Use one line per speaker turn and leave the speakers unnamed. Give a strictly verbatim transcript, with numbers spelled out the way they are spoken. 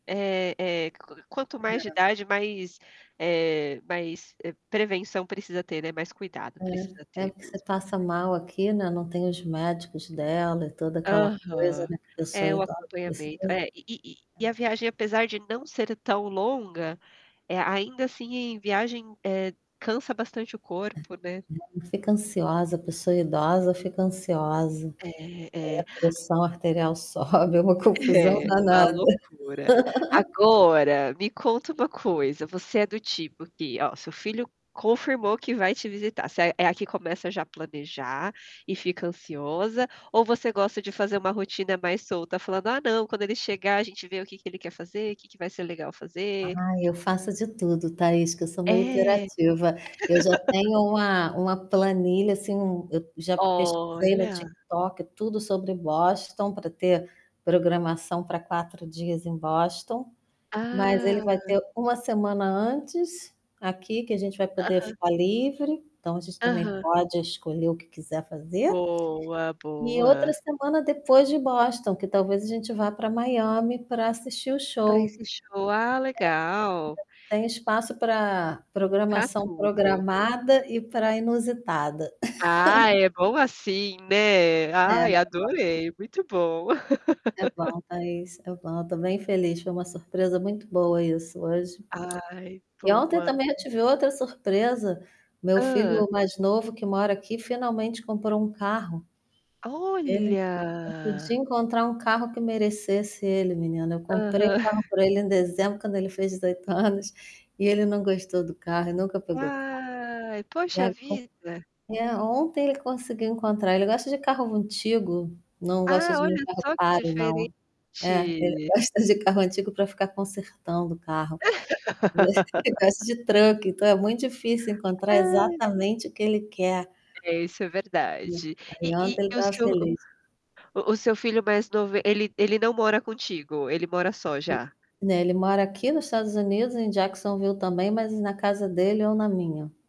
É é, q quanto mais de
É.
idade mais, eh, mais, eh, prevenção precisa ter, né, mais cuidado. Precisa
É. É
ter
porque você
mesmo.
passa mal aqui, né, não tem os médicos dela e toda aquela coisa,
Aham.
né, pessoa
É, o
idosa, indefesa.
acompanhamento, é. E e e a viagem
É.
apesar de não ser tão longa, eh, ainda, assim, em viagem, eh, cansa bastante o
É,
corpo, né.
ela fica ansiosa, a pessoa idosa fica ansiosa.
É,
Aí a
é.
pressão arterial sobe, é uma confusão
É uma
danada.
loucura. Agora, me conta uma coisa, você é do tipo que ó, seu filho confirmou que vai te visitar, você é a que começa já planejar e fica ansiosa ou você gosta de fazer uma rotina mais solta falando: "Ah, não, quando ele chegar a gente vê o que que ele quer fazer, que que vai ser legal fazer".
Ai, eu faço de tudo, Thaís, que eu sou meio
É.
hiperativa. Eu já tenho uma uma planilha, assim, hum, eu já pesquisei no
Olha.
TikTok tudo sobre Boston pra ter programação pra quatro dias em Boston. Mas ele vai
Ah.
ter uma semana antes aqui, que a gente vai poder
Aham.
ficar livre, então a gente também
Aham.
pode escolher o que quiser fazer.
Boa,
E outra
boa.
semana depois de Boston, que talvez a gente vá pra Miami pra assistir o
Para
show.
esse
[unintelligible]
show. Ah, legal.
Tem espaço pra
Pra
programação
tudo.
programada e pra inusitada.
Ah, é bom assim, né.
É
Ai,
[unintelligible]
adorei, muito bom.
É bom Thaís, é bom, eu estou bem feliz, foi uma surpresa muito boa isso hoje.
Ai,
E ontem
boa.
também eu tive outra surpresa. Meu
Hã.
filho mais novo que mora aqui finalmente comprou um carro. Ele eu pude
Olha.
encontrar um carro que merecesse ele menina, eu comprei o
Aham.
carro pra ele em dezembro quando ele fez dezoito anos, e ele não gostou do carro e nunca pegou o carro.
Ai,
E
poxa
agora
vida.
é, ontem ele conseguiu encontrar ele gosta de carro antigo, não gosta
Ah,
de nenhum
olha
carro
só que
caro,
diferente.
não. É, ele gosta de carro antigo pra ficar consertando o carro. Ele gosta de truck, então é muito difícil encontrar
Ai.
exatamente o que ele quer.
É, isso é
É,
verdade. E
aí ontem
e
ele
e o
estava
seu
feliz.
o o o seu filho mais novo ele ele não mora contigo, ele mora só já?
Né, ele mora aqui no Estados Unidos, em Jacksonville também, mas na casa dele, eu na minha.